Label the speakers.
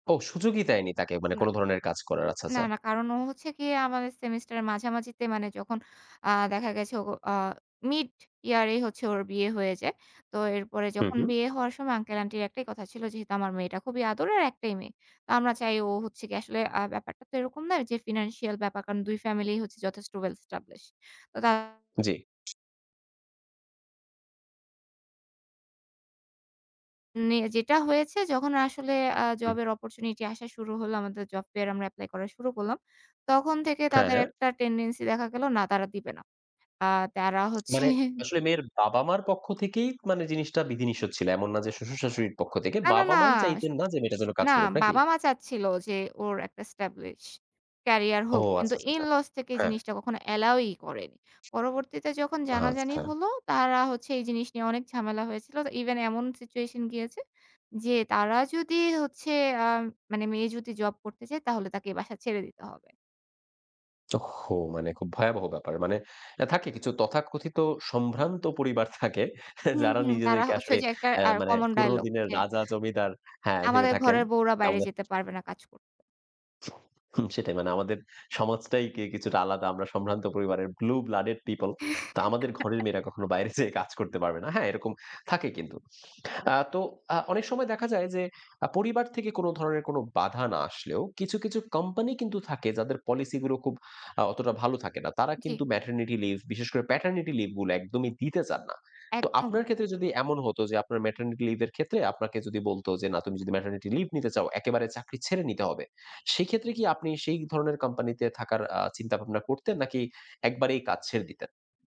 Speaker 1: ও! সুযোগই দেয়নি তাকে। মানে
Speaker 2: না।
Speaker 1: কোন ধরনের কাজ করার। আচ্ছা,
Speaker 2: না,
Speaker 1: আচ্ছা।
Speaker 2: না। কারণ ও হচ্ছে গিয়ে আমাদের সেমিস্টারের মাঝামাঝিতে মানে যখন আ দেখা গেছে ও আ মিড ইয়ারেই হচ্ছে ওর বিয়ে হয়ে যায়। তো এরপরে
Speaker 1: হু,
Speaker 2: যখন
Speaker 1: হু।
Speaker 2: বিয়ে হওয়ার সময় আঙ্কেল-আন্টির একটাই কথা ছিল, "যেহেতু আমার মেয়েটা খুবই আদরের, একটাই মেয়ে। আমরা চাই ও হচ্ছে গিয়ে আসলে" আ ব্যাপারটা তো এরকম নয়, যে ফিন্যান্সিয়াল ব্যাপার। কারণ দুই ফ্যামিলিই হচ্ছে যথেষ্ট ওয়েল স্টাবলিশ। তো তা
Speaker 1: জি।
Speaker 2: নে যেটা হয়েছে যখন আসলে আ
Speaker 1: হুম।
Speaker 2: জবের অপরচুনিটি আসা শুরু হল, আমাদের জব ফেয়ারে আমরা এপ্লাই করা শুরু করলাম। তখন থেকে
Speaker 1: হ্যাঁ,
Speaker 2: তাদের
Speaker 1: হ্যাঁ।
Speaker 2: একটা টেনডেন্সি দেখা গেল না, তারা দিবে না। আ তারা হচ্ছে
Speaker 1: মানে আসলে মেয়ের বাবা-মার পক্ষ থেকেই মানে জিনিসটা বিধিনিষেধ ছিল। এমন না যে শ্বশুর-শাশুড়ির পক্ষ থেকে।
Speaker 2: না, না, না।
Speaker 1: বাবা-মাই
Speaker 2: স
Speaker 1: চাইতেন না যে মেয়েটা যেন কাজ
Speaker 2: না,
Speaker 1: করুক, নাকি?
Speaker 2: বাবা-মা চাচ্ছিল যে ওর একটা স্টাবলিশ ক্যারিয়ার
Speaker 1: ও
Speaker 2: হোক। কিন্তু
Speaker 1: আচ্ছা, আচ্ছা,
Speaker 2: ইন
Speaker 1: আচ্ছা।
Speaker 2: লস থেকে
Speaker 1: হ্যাঁ।
Speaker 2: জিনিসটা কখনো অ্যালাওই করেনি। পরবর্তীতে যখন জানাজানি
Speaker 1: আচ্ছা।
Speaker 2: হল, তারা হচ্ছে এই জিনিস নিয়ে অনেক ঝামেলা হয়েছিল যে ইভেন এমন সিচুয়েশন গিয়েছে যে, তারা যদি হচ্ছে আ মানে মেয়ে যদি জব করতে চায়, তাহলে তাকে এই বাসা ছেড়ে দিতে হবে।
Speaker 1: ওহহো! মানে খুব ভয়াবহ ব্যাপার। মানে এ থাকে কিছু তথাকথিত সম্ভ্রান্ত পরিবার থাকে
Speaker 2: হুম,
Speaker 1: যারা
Speaker 2: হুম। তারা
Speaker 1: নিজেদেরকে
Speaker 2: হচ্ছে ঐ
Speaker 1: আসলে
Speaker 2: যে একটা
Speaker 1: এ
Speaker 2: আর
Speaker 1: মানে
Speaker 2: কমন
Speaker 1: পুরনো
Speaker 2: ডায়ালগ
Speaker 1: দিনের
Speaker 2: যে
Speaker 1: রাজা-জমিদার, হ্যাঁ, ভেবে
Speaker 2: "আমাদের
Speaker 1: থাকেন।
Speaker 2: ঘরের বউরা বাইরে
Speaker 1: নাম্বা
Speaker 2: যেতে পারবে না কাজ কর"
Speaker 1: হুম, সেটা মানে "আমাদের সমাজটাই কি কিছুটা আলাদা। আমরা সম্ভ্রান্ত পরিবারের Blue blooded people. তো আমাদের ঘরের মেয়েরা কখনো বাইরে যেয়ে কাজ করতে পারবে না।" হ্যাঁ, এরকম থাকে কিন্তু। আ তো আ অনেক সময় দেখা যায় যে আ পরিবার থেকে কোনো ধরনের কোনো বাধা না আসলেও কিছু, কিছু কোম্পানি কিন্তু থাকে যাদের পলিসিগুলো খুব আ অতটা ভালো থাকে না। তারা
Speaker 2: জি।
Speaker 1: কিন্তু ম্যাটারনিটি লিভ, বিশেষ করে প্যাটারনিটি লিভগুলো একদমই দিতে চান না। তো আপনার
Speaker 2: একদম।
Speaker 1: ক্ষেত্রে যদি এমন হতো যে আপনার ম্যাটারনিটি লিভের ক্ষেত্রে আপনাকে যদি বলত যে "না, তুমি যদি ম্যাটারনিটি লিভ নিতে চাও, একেবারে চাকরি ছেড়ে নিতে হবে।" সেক্ষেত্রে কি আপনি সেই ধরনের কোম্পানিতে থাকার আ চিন্তাভাবনা করতেন নাকি একবারেই কাজ ছেড়ে দিতেন?